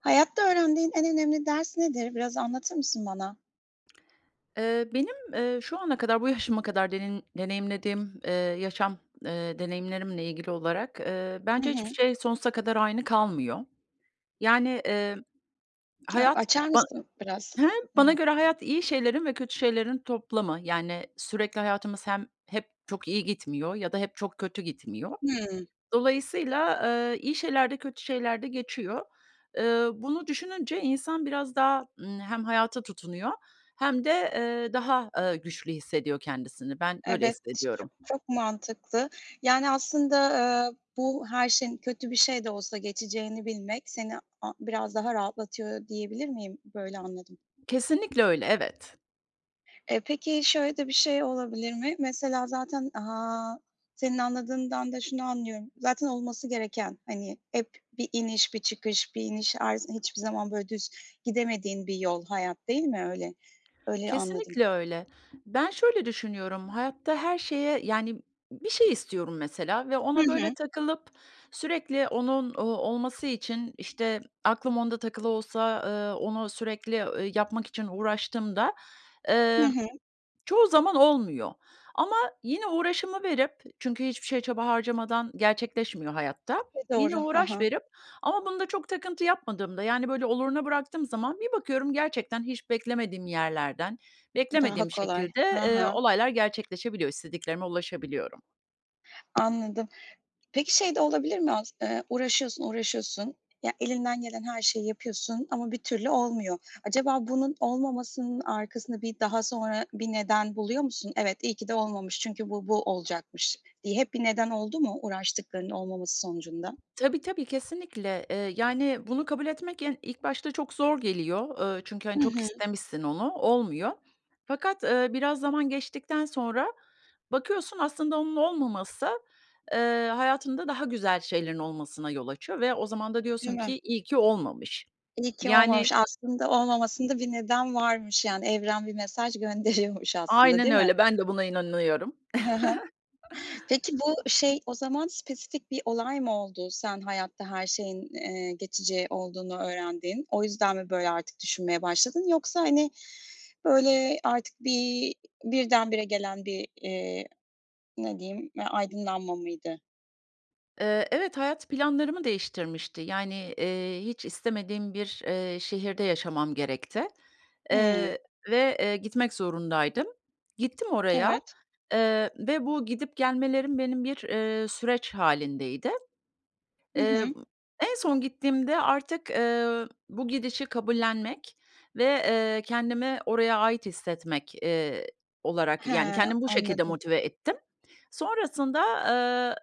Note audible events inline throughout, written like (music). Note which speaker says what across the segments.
Speaker 1: Hayatta öğrendiğin en önemli ders nedir, biraz anlatır mısın bana?
Speaker 2: Eee, benim, eee, şu ana kadar, bu yaşıma kadar denin deneyimlediğim, eee, yaşam, eee, deneyimlerimle ilgili olarak, eee,
Speaker 1: Hı
Speaker 2: bence hiçbir
Speaker 1: hı.
Speaker 2: şey sonsuza kadar aynı kalmıyor. Yani, emm,
Speaker 1: Ya,
Speaker 2: hayat
Speaker 1: açar
Speaker 2: ban
Speaker 1: mısın biraz
Speaker 2: hem bana
Speaker 1: bunu?
Speaker 2: göre hayat iyi şeylerin ve kötü şeylerin toplamı. Yani, sürekli hayatımız hem hep çok iyi gitmiyor ya da hep çok kötü gitmiyor.
Speaker 1: Hıı.
Speaker 2: Dolayısıyla, eee, iyi şeyler de kötü şeyler de geçiyor. Eee, bunu düşününce insan biraz daha, ımm, hem hayata tutunuyor hem de, eee, daha, aaa, güçlü hissediyor kendisini. Ben böyle
Speaker 1: Evet, ç çok
Speaker 2: hissediyorum.
Speaker 1: çok mantıklı. Yani, aslında, ııı, bu her şeyin, kötü bir şey de olsa, geçeceğini bilmek seni a biraz daha rahatlatıyor diyebilir miyim? Böyle anladım.
Speaker 2: Kesinlikle öyle. Evet.
Speaker 1: E, peki, şöyle de bir şey olabilir mi? Mesela zaten, aaa, senin anladığından da şunu anlıyorum. Zaten olması gereken, hani, hep bir iniş, bir çıkış, bir iniş, arz hiçbir zaman, böyle, düz gidemediğin bir yol hayat, değil mi öyle? Öyle anladım.
Speaker 2: Kesinlikle öyle. Ben şöyle düşünüyorum. Hayatta her şeye, yani Bir şey istiyorum mesela ve
Speaker 1: Hı
Speaker 2: ona, böyle,
Speaker 1: hı.
Speaker 2: takılıp sürekli onun, ooo, olması için, işte, aklım onda takılı olsa, ııı, onu sürekli, ööö, yapmak için uğraştığımda,
Speaker 1: Hı
Speaker 2: emm,
Speaker 1: hı.
Speaker 2: çoğu zaman olmuyor. Ama yine uğraşımı verip çünkü hiçbir şeye çaba harcamadan gerçekleşmiyor hayatta.
Speaker 1: E, doğru.
Speaker 2: Yine
Speaker 1: Ha
Speaker 2: uğraş
Speaker 1: ha.
Speaker 2: verip ama bunda çok takıntı yapmadığımda, yani, böyle, oluruna bıraktığım zaman, bir bakıyorum gerçekten hiç beklemediğim yerlerden,
Speaker 1: Daha
Speaker 2: beklemediğim
Speaker 1: kolay.
Speaker 2: şekilde,
Speaker 1: Ha
Speaker 2: eee,
Speaker 1: ha.
Speaker 2: olaylar gerçekleşebiliyor, istediklerime ulaşabiliyorum.
Speaker 1: Anladım, peki, şey de olabilir mi? As eee, uğraşıyorsun, uğraşıyorsun. Ya, elinden gelen her şeyi yapıyorsun ama bir türlü olmuyor. Acaba bunun olmamasının arkasında bir daha sonra bir neden buluyor musun? Evet, iyi ki de olmamış çünkü bu bu olacakmış diye hep bir neden oldu mu uğraştıklarının olmaması sonucunda?
Speaker 2: Tabii tabii, kesinlikle. Eee, yani, bunu kabul etmek en ilk başta yani çok zor geliyor. Eee, çünkü,
Speaker 1: Hı
Speaker 2: hani, çok
Speaker 1: hı.
Speaker 2: istemişsin onu, olmuyor. Fakat, eee, biraz zaman geçtikten sonra bakıyorsun aslında onun olmaması, eee, hayatında daha güzel şeylerin olmasına yol açıyor ve o zaman da
Speaker 1: Değil
Speaker 2: diyorsun
Speaker 1: mi?
Speaker 2: ki iyi ki olmamış.
Speaker 1: İyi ki
Speaker 2: Yani
Speaker 1: olmamış. Aslında olmamasında bir neden varmış. Yani, evren bir mesaj gönderiyormuş aslında,
Speaker 2: Aynen
Speaker 1: değil mi?
Speaker 2: öyle. Ben de buna inanıyorum.
Speaker 1: Hı hı, peki,
Speaker 2: (chuckles)
Speaker 1: bu, şey, o zaman spesifik bir olay mı oldu? Sen hayatta her şeyin, eee, geçici olduğunu öğrendin. O yüzden mi böyle artık düşünmeye başladın? Yoksa, hani, böyle artık bir birdenbire gelen bir, eee, ne diyeyim, e aydınlanma mıydı?
Speaker 2: Eee, evet hayat planlarımı değiştirmişti. Yani, eee, hiç istemediğim bir, eee, şehirde yaşamam gerekti.
Speaker 1: Hımm.
Speaker 2: Eee, ve, eee, gitmek zorundaydım. Gittim oraya.
Speaker 1: Evet.
Speaker 2: Eee, ve bu gidip gelmelerim benim bir, eee, süreç hâlindeydi.
Speaker 1: Hı
Speaker 2: Eee,
Speaker 1: hı.
Speaker 2: en son gittiğimde artık, eee, bu gidişi kabullenmek ve, eee, kendimi oraya ait hissetmek, eee, olarak
Speaker 1: He,
Speaker 2: yani kendimi bu şekilde
Speaker 1: anladım.
Speaker 2: motive ettim. Sonrasında, eee,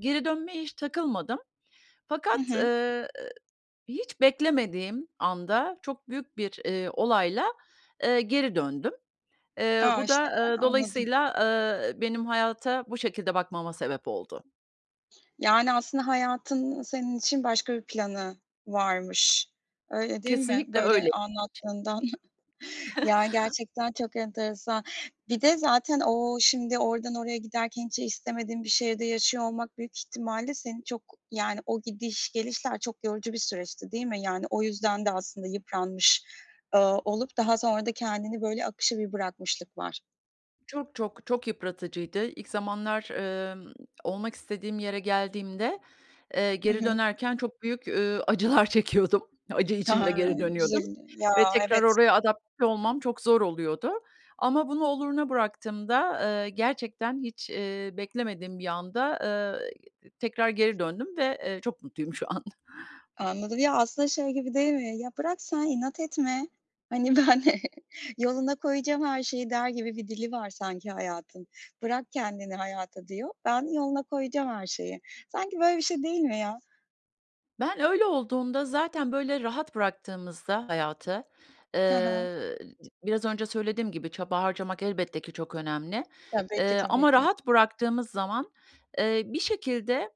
Speaker 2: geri dönmeye hiç takılmadım.
Speaker 1: Hı
Speaker 2: Fakat,
Speaker 1: hı.
Speaker 2: ııı, hiç beklemediğim anda, çok büyük bir, eee, olayla, eee, geri döndüm. Eee,
Speaker 1: A!
Speaker 2: bu
Speaker 1: İşte
Speaker 2: da,
Speaker 1: (unintelligible)
Speaker 2: eee,
Speaker 1: anladım.
Speaker 2: dolayısıyla, eee, benim hayata bu şekilde bakmama sebep oldu.
Speaker 1: Yani, aslında hayatın senin için başka bir planı varmış. Öyle değil mi?
Speaker 2: Kesinlikle
Speaker 1: Böyle
Speaker 2: öyleymiş.
Speaker 1: anlattığından. (chuckles) Yani
Speaker 2: (chuckles)
Speaker 1: gerçekten çok enteresan. Bir de zaten o şimdi oradan oraya giderken, hiç istemediğin bir şehirde yaşıyor olmak büyük ihtimalle seni çok, yani, o gidiş gelişler çok yorucu bir süreçti, değil mi? Yani o yüzden de aslında yıpranmış, eee, olup daha sonra da kendini böyle akışa bir bırakmışlık var.
Speaker 2: Çok, çok, çok yıpratıcıydı. İlk zamanlar, emm, olmak istediğim yere geldiğimde, eee,
Speaker 1: Hı
Speaker 2: geri
Speaker 1: hı.
Speaker 2: dönerken çok büyük, eee, acılar çekiyordum. Acı içinde geri dönüyordum
Speaker 1: (unintelligible) Ya,
Speaker 2: ve tekrar
Speaker 1: evet.
Speaker 2: oraya adapte olmam çok zor oluyordu. Ama bunu oluruna bıraktığımda, eee, gerçekten hiç, eee, beklemediğim bir anda, eee, tekrar geri döndüm ve, eee, çok mutluyum şu an.
Speaker 1: Anladım. Ya, aslında, şey gibi değil mi? "Ya, bırak sen inat etme. Hani, ben (chuckles) yoluna koyacağım her şeyi." der gibi bir dili var sanki hayatın. "Bırak kendini hayata," diyor. "ben yoluna koyacağım her şeyi." Sanki böyle bir şey değil mi ya?
Speaker 2: Ben öyle olduğumda zaten böyle rahat bıraktığımızda hayatı, eee,
Speaker 1: Hı hı.
Speaker 2: d biraz önce söylediğim gibi çaba harcamak elbette ki çok önemli,
Speaker 1: Tabii ki,
Speaker 2: eee,
Speaker 1: tabii
Speaker 2: ama
Speaker 1: ki.
Speaker 2: rahat bıraktığımız zaman, eee, bir şekilde,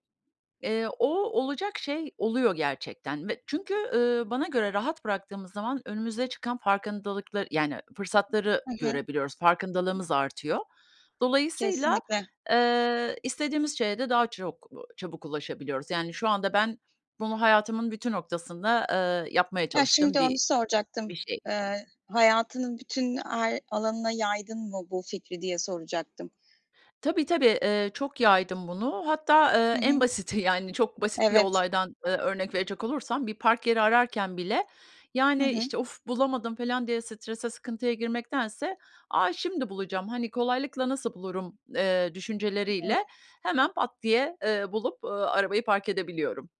Speaker 2: eee, o olacak şey oluyor gerçekten ve çünkü, ııı, bana göre rahat bıraktığımız zaman önümüze çıkan farkındalıkla yani fırsatları
Speaker 1: Hı hı.
Speaker 2: görebiliyoruz, farkındalığımız artıyor. Dolayısıyla,
Speaker 1: Kesinlikle.
Speaker 2: eee, istediğimiz şeye de daha çok, b çabuk ulaşabiliyoruz. Yani şu anda ben bunu hayatımın bütün noktasında, eee, yapmaya
Speaker 1: Ha,
Speaker 2: çalıştığım
Speaker 1: şimdi onu
Speaker 2: bir
Speaker 1: soracaktım.
Speaker 2: bir şey.
Speaker 1: Eee, hayatının bütün ay alanına yaydın mı bu fikri diye soracaktım.
Speaker 2: Tabii tabii, eee, çok yaydım bunu. Hatta, eee,
Speaker 1: Hı
Speaker 2: en
Speaker 1: hı.
Speaker 2: basiti, yani çok basit bir
Speaker 1: Evet.
Speaker 2: olaydan, eee, örnek verecek olursam bir park yeri ararken bile,
Speaker 1: Hı
Speaker 2: yani,
Speaker 1: hı.
Speaker 2: işte, of! Bulamadım. Falan diye strese sıkıntıya girmektense, a şimdi bulacağım, hani, kolaylıkla nasıl bulurum, eee, düşünceleriyle
Speaker 1: (unintelligible)
Speaker 2: hemen pat diye, eee, bulup, eee, arabayı park edebiliyorum.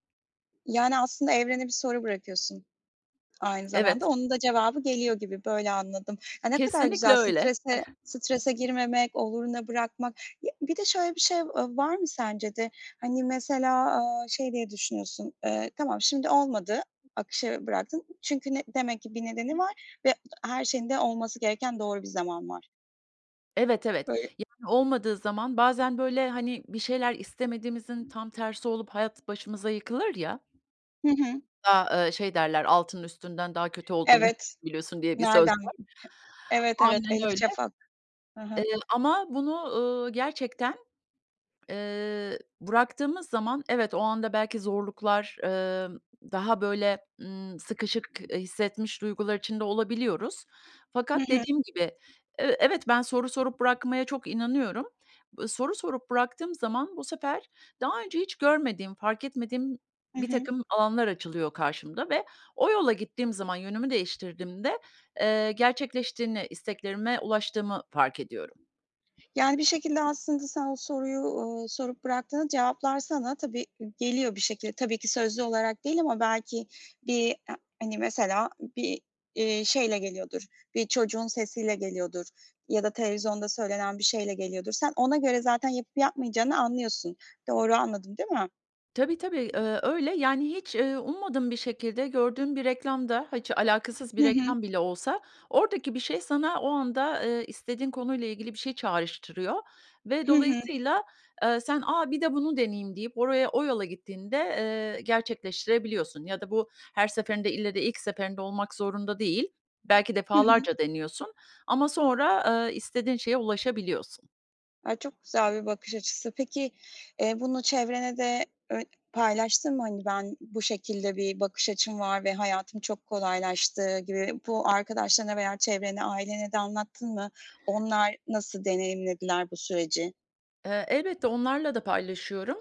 Speaker 1: Yani, aslında, evrene bir soru bırakıyorsun. Aynı zamanda
Speaker 2: Evet.
Speaker 1: onun da cevabı geliyor gibi, böyle anladım. A, ne kadar
Speaker 2: Kesinlikle
Speaker 1: güzel
Speaker 2: öyle.
Speaker 1: strese strese girmemek, oluruna bırakmak. Ya, bir de şöyle bir şey, v ııı, var mı sence de? Hani, mesela, eee, şey diye düşünüyorsun? Eee, tamam, şimdi olmadı. Akışa bıraktın. Çünkü ne demek ki bir nedeni var ve her şeyin de olması gereken doğru bir zaman var.
Speaker 2: Evet, evet,
Speaker 1: (unintelligible)
Speaker 2: yani, olmadığı zaman bazen böyle, hani, bir şeyler istemediğimizin tam tersi olup hayat başımıza yıkılır ya.
Speaker 1: Hı hı.
Speaker 2: A ı şey derler altının üstünden daha kötü olduğunu
Speaker 1: Evet.
Speaker 2: biliyorsun, diye bir söz
Speaker 1: Nereden
Speaker 2: var.
Speaker 1: evet, evet.
Speaker 2: Aynen
Speaker 1: Elif
Speaker 2: öyle.
Speaker 1: Şafak. Hı
Speaker 2: Eee,
Speaker 1: hı.
Speaker 2: ama bunu, ııı, gerçekten, eee, bıraktığımız zaman evet, o anda belki zorluklar, emm, daha böyle, ımm, sıkışık, eee, hissetmiş duygular içinde olabiliyoruz.
Speaker 1: Hı
Speaker 2: Fakat
Speaker 1: hı.
Speaker 2: dediğim gibi, e evet, ben soru sorup bırakmaya çok inanıyorum. B soru sorup bıraktığım zaman bu sefer daha önce hiç görmediğim fark etmediğim
Speaker 1: Hı hı.
Speaker 2: birtakım alanlar açılıyor karşımda ve o yola gittiğim zaman yönümü değiştirdiğimde, eee, gerçekleştiğini, isteklerime ulaştığımı fark ediyorum.
Speaker 1: Yani, bir şekilde, aslında, sen o soruyu, uuu, sorup bıraktığında cevaplar sana tabii i geliyor bir şekilde. Tabii ki sözlü olarak değil ama belki bir a hani, mesela, ı bir, eee, şeyle geliyordur, bir çocuğun sesiyle geliyordur ya da televizyonda söylenen bir şeyle geliyordur. Sen ona göre zaten yapıp yapmayacağını anlıyorsun. Doğru anladım değil mi?
Speaker 2: Tabii tabii, eee, öyle. Yani hiç, eee, ummadığım bir şekilde gördüğüm bir reklam da, ha, hiç alakasız bir
Speaker 1: Hı hı.
Speaker 2: reklam bile olsa oradaki bir şey sana o anda, eee, istediğin konuyla ilgili bir şey çağrıştırıyor ve
Speaker 1: Hı hı.
Speaker 2: dolayısıyla, eee, sen a bir de bunu deneyeyim deyip oraya o yola gittiğinde, eee, gerçekleştirebiliyorsun. Ya da bu her seferinde ille de ilk seferinde olmak zorunda değil. Belki
Speaker 1: Hı hı.
Speaker 2: defalarca deniyorsun ama sonra, eee, istediğin şeye ulaşabiliyorsun.
Speaker 1: A, çok güzel bir bakış açısı. Peki, eee, bunu çevrene de böy paylaştın mı? Hani, ben bu şekilde bir bakış açım var ve hayatım çok kolaylaştı gibi. Bu arkadaşlarına veya çevrene, ailene de anlattın mı? Onlar nasıl deneyimlediler bu süreci?
Speaker 2: Eee, elbette onlarla da paylaşıyorum.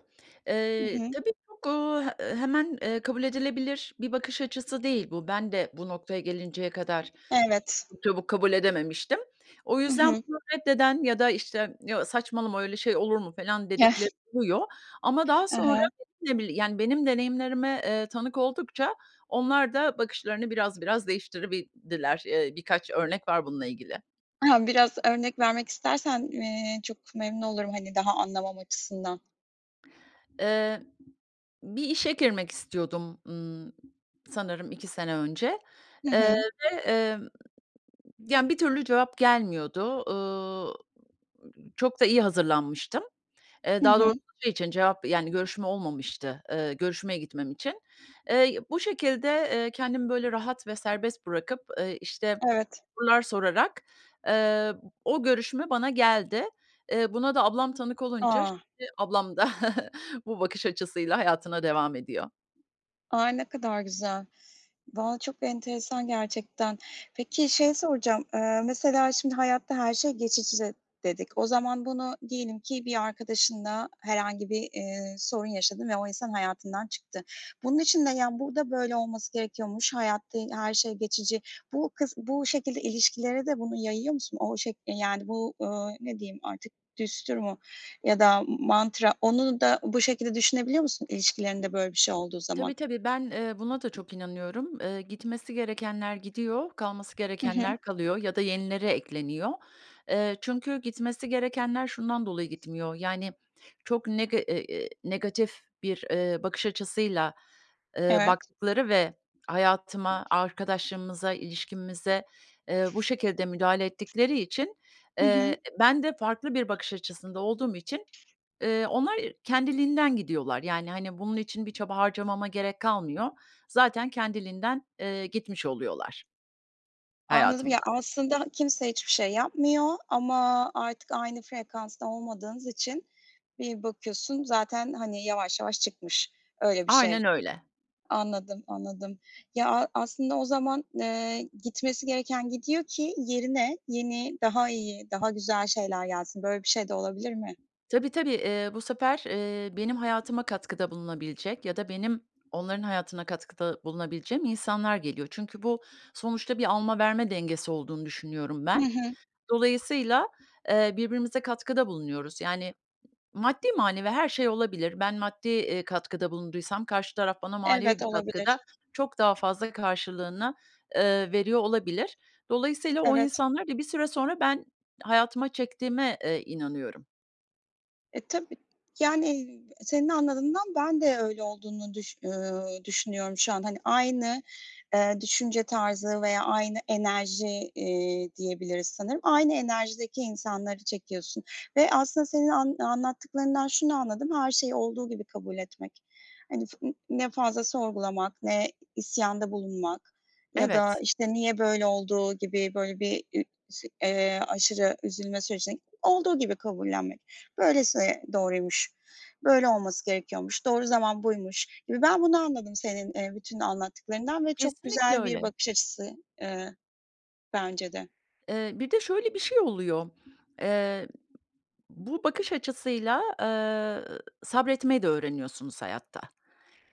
Speaker 1: Hı
Speaker 2: Eee,
Speaker 1: hı.
Speaker 2: tabii, çok, eee, e hemen, eee, kabul edilebilir bir bakış açısı değil bu. Ben de bu noktaya gelinceye kadar e
Speaker 1: Evet.
Speaker 2: çok çabuk kabul edememiştim. O
Speaker 1: Hı
Speaker 2: yüzden
Speaker 1: hı.
Speaker 2: bunu reddeden ya da işte, ya saçmalama öyle şey olur mu falan dedikleri
Speaker 1: (unintelligible)
Speaker 2: oluyor. Ama daha
Speaker 1: Hı
Speaker 2: sonra,
Speaker 1: hı.
Speaker 2: (unintelligible) yani, benim deneyimlerime, eee, tanık oldukça onlar da bakışlarını biraz biraz değiştirebildiler. Eee, birkaç örnek var bununla ilgili.
Speaker 1: (giggles) BIraz örnek vermek istersen, eee, çok memnun olurum. Hani, daha anlamam açısından.
Speaker 2: Eee, bir işe girmek istiyordum, ımm, sanırım iki sene önce.
Speaker 1: Hı
Speaker 2: Eee,
Speaker 1: hı.
Speaker 2: ve, emm, ya bir türlü cevap gelmiyordu. Eee, çok da iyi hazırlanmıştım. Eee,
Speaker 1: Hı
Speaker 2: daha doğrusu
Speaker 1: hı.
Speaker 2: şey için cevap, yani görüşme olmamıştı, ııı, görüşmeye gitmem için. Eee, bu şekilde, eee, kendimi böyle rahat ve serbest bırakıp, eee, işte,
Speaker 1: Evet.
Speaker 2: sorular sorarak, eee, o görüşme bana geldi. Eee, buna da ablam tanık olunca,
Speaker 1: A!
Speaker 2: şimdi ablam da (chuckles) bu bakış açısıyla hayatına devam ediyor.
Speaker 1: Ay, ne kadar güzel. Valla çok enteresan gerçekten. Peki şeyi soracağım, eee mesela, şimdi, hayatta her şey geçici dedik. O zaman bunu diyelim ki bir arkadaşınla herhangi bir, eee, sorun yaşadın ve o insan hayatından çıktı. Bunun için de, yani, "Burada böyle olması gerekiyormuş. Hayatta i eee, her şey geçici." Bu kıs bu şekilde ilişkilere de bunu yayıyor musun? O şek eee, yani, bu, ööö, ne diyeyim artık düstur mu ya da m m mantra? Onu da bu şekilde düşünebiliyor musun ilişkilerinde böyle bir şey olduğu zaman?
Speaker 2: Tabii, tabii. Ben, eee, buna da çok inanıyorum. Eee, gitmesi gerekenler gidiyor, kalması
Speaker 1: Hı hı.
Speaker 2: gerekenler kalıyor ya da yenileri ekleniyor. Eee, çünkü gitmesi gerekenler şundan dolayı gitmiyor. Yani, çok nege e eee, negatif bir, eee, bakış açısıyla, eee,
Speaker 1: Evet.
Speaker 2: baktıkları ve hayatıma, arkadaşlığımıza, ilişkimize, eee, bu şekilde müdahale ettikleri için,
Speaker 1: Hı hı.
Speaker 2: eee, ben de farklı bir bakış açısında olduğum için, eee, onlar kendiliğinden gidiyorlar. Yani, hani, bunun için bir çaba harcamama gerek kalmıyor. Zaten kendiliğinden, eee, gitmiş oluyorlar.
Speaker 1: Anladım. Ya,
Speaker 2: Hayatımdan.
Speaker 1: aslında kimse hiçbir şey yapmıyor ama artık aynı frekansta olmadığınız için bir bakıyorsun zaten, hani, yavaş yavaş çıkmış öyle bir şey.
Speaker 2: Aynen öyle.
Speaker 1: Anladım, anladım. Ya, a aslında o zaman, eee, gitmesi gereken gidiyor ki yerine yeni, daha iyi, daha güzel şeyler gelsin. Böyle bir şey de olabilir mi?
Speaker 2: Tabii, tabii. Eee, bu sefer, eee, benim hayatıma katkıda bulunabilecek ya da benim onların hayatına katkıda bulunabileceğim insanlar geliyor. Çünkü bu sonuçta bir alma, verme dengesi olduğunu düşünüyorum
Speaker 1: Hı
Speaker 2: ben.
Speaker 1: hı.
Speaker 2: Dolayısıyla, eee, birbirimize katkıda bulunuyoruz, yani, maddi, manevi her şey olabilir. Ben maddi, eee, katkıda bulunduysam karşı taraf bana manevi
Speaker 1: Evet,
Speaker 2: bir katkıda
Speaker 1: olabilir.
Speaker 2: çok daha fazla karşılığını, eee, veriyor olabilir. Dolayısıyla o
Speaker 1: Evet.
Speaker 2: insanları da bir süre sonra ben hayatıma çektiğime, eee, inanıyorum.
Speaker 1: E, tabii, yani, senin anladığından ben de öyle olduğunu düş eee, düşünüyorum şu an, hani, aynı, eee, düşünce tarzı veya aynı enerji, eee, diyebiliriz sanırım. Aynı enerjideki insanları çekiyorsun ve aslında senin an anlattıklarından şunu anladım, her şeyi olduğu gibi kabul etmek. Hani, fı n ne fazla sorgulamak, ne i isyanda bulunmak ya da
Speaker 2: Evet.
Speaker 1: işte, niye böyle olduğu gibi böyle bir ü şi eee, aşırı üzülme sürecine (unintelligible) olduğu gibi kabullenmek. Böylesi e doğruymuş, böyle olması gerekiyormuş, doğru zaman buymuş gibi ben bunu anladım senin, eee, bütün anlattıklarından ve çok
Speaker 2: Kesinlikle
Speaker 1: güzel bir
Speaker 2: öyle.
Speaker 1: bakış açısı, eee, bence de.
Speaker 2: Eee, bir de şöyle bir şey oluyor. Eee, bu bakış açısıyla, eee, sabretmeyi de öğreniyorsunuz hayatta.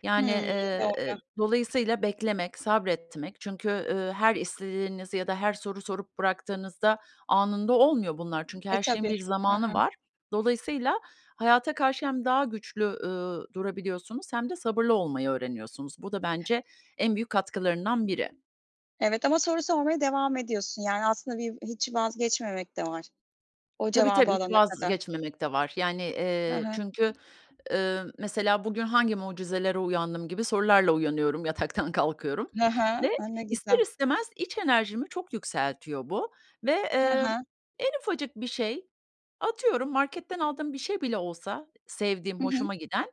Speaker 2: Yani,
Speaker 1: Hımm.
Speaker 2: eee, eee,
Speaker 1: Doğru.
Speaker 2: dolayısıyla beklemek, sabretmek çünkü, eee, her istediğinizi ya da her soru sorup bıraktığınızda anında olmuyor bunlar. Çünkü
Speaker 1: E,
Speaker 2: her şeyin
Speaker 1: tabii.
Speaker 2: bir
Speaker 1: Ha ha.
Speaker 2: zamanı var. Dolayısıyla hayata karşı hem daha güçlü, ııı, durabiliyorsunuz hem de sabırlı olmayı öğreniyorsunuz. Bu da bence en büyük katkılarından biri.
Speaker 1: Evet ama soru sormaya devam ediyorsun. Yani aslında viv hiç vazgeçmemek de var. O
Speaker 2: Tabii
Speaker 1: cevabı
Speaker 2: tabii, hiç
Speaker 1: alana kadar.
Speaker 2: vazgeçmemek de var. Yani,
Speaker 1: Ha
Speaker 2: eee,
Speaker 1: ha.
Speaker 2: çünkü, eee, mesela bugün hangi mucizelere uyandım gibi sorularla uyanıyorum, yataktan kalkıyorum.
Speaker 1: Ha ha.
Speaker 2: Ve
Speaker 1: A ne
Speaker 2: ister
Speaker 1: güzel.
Speaker 2: istemez iç enerjimi çok yükseltiyor bu ve,
Speaker 1: Ha
Speaker 2: eee,
Speaker 1: ha.
Speaker 2: en ufacık bir şey, atıyorum, marketten aldığım bir şey bile olsa sevdiğim,
Speaker 1: Hı hı.
Speaker 2: hoşuma giden,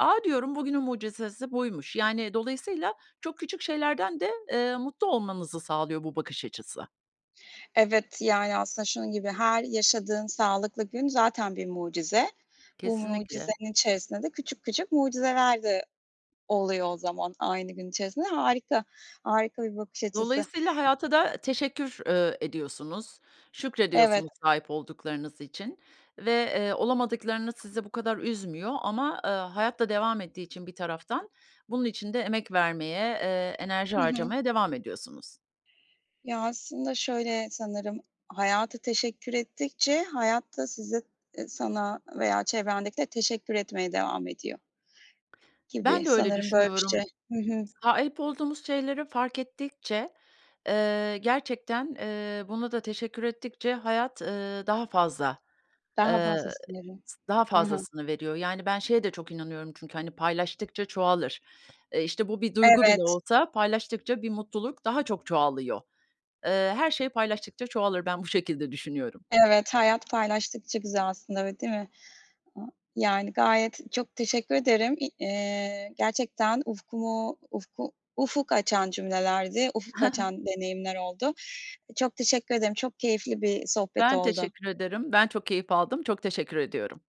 Speaker 2: a, diyorum bugünün mucizesi buymuş, yani, dolayısıyla çok küçük şeylerden de, eee, mutlu olmanızı sağlıyor bu bakış açısı.
Speaker 1: Evet, yani aslında şunun gibi her yaşadığın sağlıklı gün zaten bir mucize. Bu
Speaker 2: Kesinlikle.
Speaker 1: mucizenin içerisinde de küçük küçük mucizeler de oluyor o zaman aynı gün içerisinde. Harika! Harika bir bakış açısı.
Speaker 2: Dolayısıyla hayata da teşekkür, eee, ediyorsunuz,
Speaker 1: Evet.
Speaker 2: şükrediyorsunuz sahip olduklarınız için ve, eee, olamadıklarınız sizi bu kadar üzmüyor ama, eee, hayat da devam ettiği için bir taraftan bunun için de emek vermeye, eee, enerji
Speaker 1: Hı hı.
Speaker 2: harcamaya devam ediyorsunuz.
Speaker 1: Ya aslında şöyle sanırım, hayata teşekkür ettikçe hayat da size, e sana veya çevrendekilere teşekkür etmeye devam ediyor. Gibi
Speaker 2: Ben de öyle
Speaker 1: sanırım böyle bir şey.
Speaker 2: düşünüyorum.
Speaker 1: Hı hı.
Speaker 2: Sahip olduğumuz şeyleri fark ettikçe, eee, gerçekten, eee, buna da teşekkür ettikçe hayat, eee, daha fazla,
Speaker 1: Daha
Speaker 2: eee,
Speaker 1: fazlasını veriyor.
Speaker 2: s daha
Speaker 1: Ha ha.
Speaker 2: fazlasını veriyor. Yani ben şeye de çok inanıyorum çünkü, hani, paylaştıkça çoğalır. Eee, işte bu bir duygu bile
Speaker 1: Evet.
Speaker 2: olsa, paylaştıkça bir mutluluk daha çok çoğalıyor. Eee, her şey paylaştıkça çoğalır, ben bu şekilde düşünüyorum.
Speaker 1: Evet, hayat paylaştıkça güzel aslında, öyle değil mi? A yani gayet çok teşekkür ederim. İ eee, gerçekten ufkumu ufku ufuk açan cümlelerdi. Ufuk
Speaker 2: Hı hı.
Speaker 1: açan deneyimler oldu. Eee, çok teşekkür ederim. Çok keyifli bir, eee, sohbet
Speaker 2: Ben
Speaker 1: oldu.
Speaker 2: teşekkür ederim. Ben çok keyif aldım. Çok teşekkür ediyorum.